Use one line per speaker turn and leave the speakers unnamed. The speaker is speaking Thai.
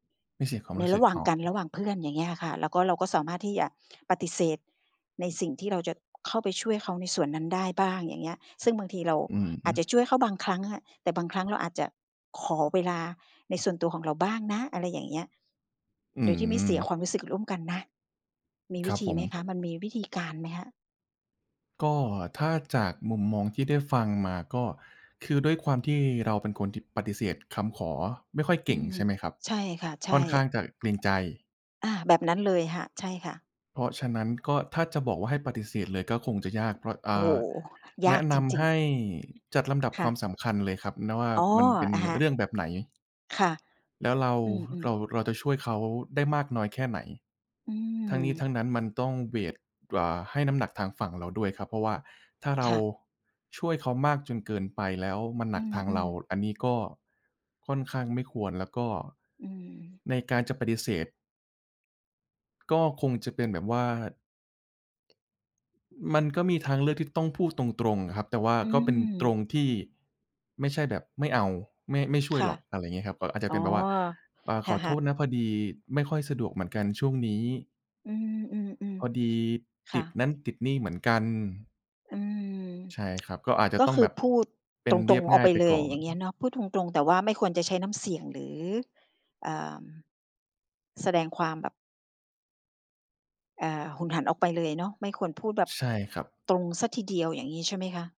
ไม่เสียความ
ใน
รู้
ร
ส
ะ
ึก
หว่าง
อ๋อ
กัน ระหว่างเพื่อน อย่างเงี้ยอะค่ะ แล้วก็เราก็สามารถที่จะปฏิเสธในสิ่งที่เราจะเข้าไปช่วยเขาในส่วนนั้นได้บ้าง อย่างเงี้ย ซึ่งบางทีเรา
อือฮ
อา
ึ
จจะช่วยเขาบางครั้งอะ แต่บางครั้งเราอาจจะขอเวลาในส่วนตัวของเราบ้างนะ อะไรอย่างเงี้ย
อื
โด
อ
ยที่ไม่เสียความรู้สึกร่วมกันนะ มีวิธีไหมคะ มันมีวิธีการ
ครับผม
ไหมคะ?
ก็ถ้าจากมุมมองที่ได้ฟังมา ก็คือด้วยความที่เราเป็นคนที่ปฏิเสธคำขอไม่ค่อยเ
อื
ก่
อ
ง
ฮ
ใช
ึ
่ไหมครับ
ใช่ค่ะ ใช
ค
่
่อนข้างจะเกรงใจ
อา แบบนั้นเลยค่ะ ใช่ค่ะ
เพราะฉะนั้น ก็ถ้าจะบอกว่าให้ปฏิเสธเลยก็คงจะยาก เพราะ อ
โอ
่
้โฮ
า
ย
แน
าก
ะน
จร
ำ
ิ
ใ
ง
ห้จัดลำดับ
ๆ ค
ค
่
วาม
ะ
สำคัญเลยครับ นะ ว่า
อ๋อ
มันเป็น
อะฮ
เ
ะ
รื่องแบบไหน?
ค่ะ
แล้ว เรา
อื
ห
อ
เรา
ๆ
เราจะช่วยเขาได้มากน้อยแค่ไหน
อื
ทั้งนี้ทั
ม
้งนั้นมันต้อง เวต อ่า ให้น้ำหนักทางฝั่งเราด้วยครับ เพราะว่าถ้าเร
ค
า
่ะ
ช่วยเขามากจนเกินไป แล้วมันห
อ
นักทาง
ื
เรา
อ ๆ
อันนี้ก็ค่อนข้างไม่ควร แล้วก็
อืม
ในการจะปฏิเสธ ก็คงจะเป็นแบบว่า อ มันก็มีทางเลือกที่ต้องพูดตรง ๆ อะครับ แต่ว่า
อื
ก็เป็นตร
ม
งที่ไม่ใช่แบบ "ไม่เอา ไม่ ไม่ช่ว
ค
ย
่
หร
ะ
อก" อะไรอย่างเงี้ยครับ ก็อาจจ
อ
ะ
๋
เป
อ
็นแบบว่า "อา
ค
ขอโท
่ะ
ษ
ๆ
นะ พอดีไม่ค่อยสะดวกเหมือนกันช่วงนี้"
อืม
"พอด
ๆ
ี
ๆ ค
ต
่
ิด
ะ
นั่นติดนี่เหมือนกัน"
อืม
ใช่ครับ ก็อาจจะ
ก็
ต้อ
ค
ง
ื
แบ
อ
บ
พูด
เป็
ต
น
ร
เรี
ง
ยบ
ๆ อ
ง
อ
่
ก
าย
ไป
ไป
เล
ก่
ย
อน
อย่างเงี้ยเนาะ พูดตรง ๆ แต่ว่าไม่ควรจะใช้น้ำเสียง หรือ อ่า แสดงความแบบ อ่า หุนหันออกไปเลยเนาะ ไม่ควรพูดแบบ
ใช่ครับ
ตรงเสียทีเดียว อย่างงี้ ใช่ไหมคะ?